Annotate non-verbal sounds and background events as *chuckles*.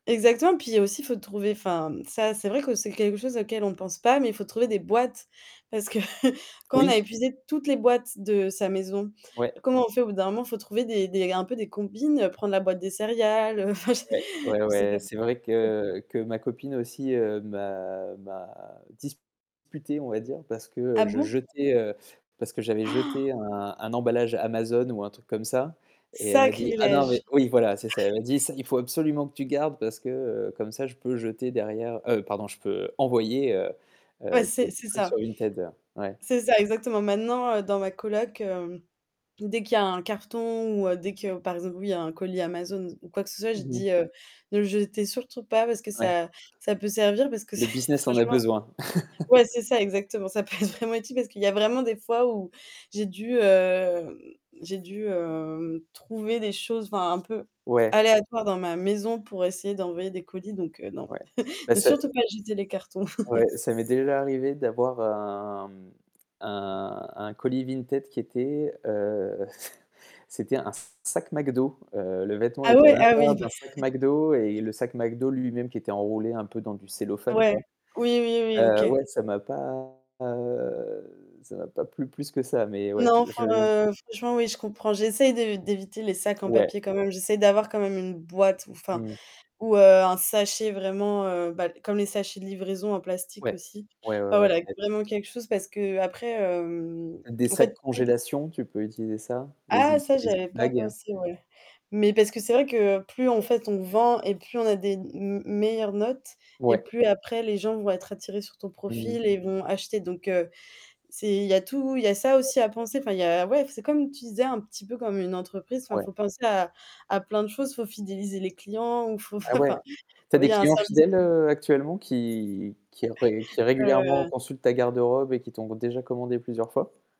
Exactement, et puis, il y a aussi faut trouver enfin, mmh ça, c'est vrai que c'est quelque chose auquel on ne pense pas, mais il faut trouver des boîtes, parce que *chuckles* quand on Oui. a épuisé toutes les boîtes de sa maison, Ouais. comment on fait au bout d'un moment? Faut trouver des des un peu des combines, prendre la boîte des céréales heu, enfin, je sais Ouais, *chuckles* ouais, je sais ouais, pas c'est vrai *unintelligible* que que ma copine aussi, heu, m'a m'a disputé on va dire, parce Ah que je bon? jetais, heu parce que j'avais *gasps* jeté un un emballage Amazon ou un truc comme ça, et elle m'a dit: «Ah non mais» Sacrilège! Oui, voilà, c'est ça. Elle m'a dit: «Ca, il faut absolument que tu le gardes parce que, heu, comme ça je peux jeter derrière» heu, pardon: «je peux envoyer, heu, Ouais, heu, des c'est des c'est trucs ça. sur Vinted». Ouais. C'est ça exactement. Maintenant, heu, dans ma coloc, hem, dès qu'il y a un carton ou heu, dès que, par exemple, oui, un colis Amazon ou ou quoi que ce soit, je Mmh mh. dis, heu: «Ne le jetez surtout pas parce que Ouais. ça ça peut servir», parce que Le c'est business en a franchement besoin. ouais, c'est *chuckles* ça exactement. Ça peut être vraiment utile parce qu'il y a vraiment des fois où, j'ai dû hem j'ai dû, hem, trouver des choses, enfin, un peu Ouais. aléatoires dans ma maison pour essayer d'envoyer des colis donc heu, non. Ouais. *chuckles* Mais Ne c'est surtout pas jeter les cartons. Ouais, *chuckles* ça m'est déjà arrivé d'avoir un, mmh, un un colis Vinted qui était, heu, *chuckles* c'était un sac McDo, heu, le vêtement Ah était à ouais. Ah oui. l'intérieur Bah d'un sac MacDo et *chuckles* le sac MacDo lui-même qui était enroulé un peu dans du cellophane, Ouais. quoi. Oui, oui, oui. Heu, OK. ouais, ça m'a pas, heu, ça m'a pas plu plus que ça, mais ouais, Non, je je enfin, heu, franchement oui, je comprends. J'essaie d'é d'éviter les sacs en Ouais. papier quand même. J'essaie d'avoir quand même une boîte ou enfin Mmh. ou heu, un sachet vraiment heu, bah comme les sachets de livraison en plastique Ouais. aussi. Ouais, ouais, Enfin ouais voilà, ça aide. vraiment quelque chose parce qu'après, hem, Des en sacs fait, plus congélation, tu peux utiliser ça, les Ah! zi Ça les zip j'avais pas bags. pensé, ouais. Mais parce que c'est vrai que plus en fait, on vend, et plus on a des m meilleures notes, et Ouais. plus après les gens vont être attirés sur ton Mmh mh. profil et vont acheter donc heu c'est il y a tout, il y a ça aussi à penser. Enfin, il y a ouais, f c'est comme tu disais un petit peu comme une entreprise. Enfin, Ouais. faut penser à à plein de choses, faut fidéliser les clients ou faut f Ah ouais? enfin, Tu as il des y a un clients service fidèles, *unintelligible* heu, actuellement qui qui ré qui *chuckles* régulièrement Heu consultent ta garde-robe et qui t'ont déjà commandé plusieurs fois?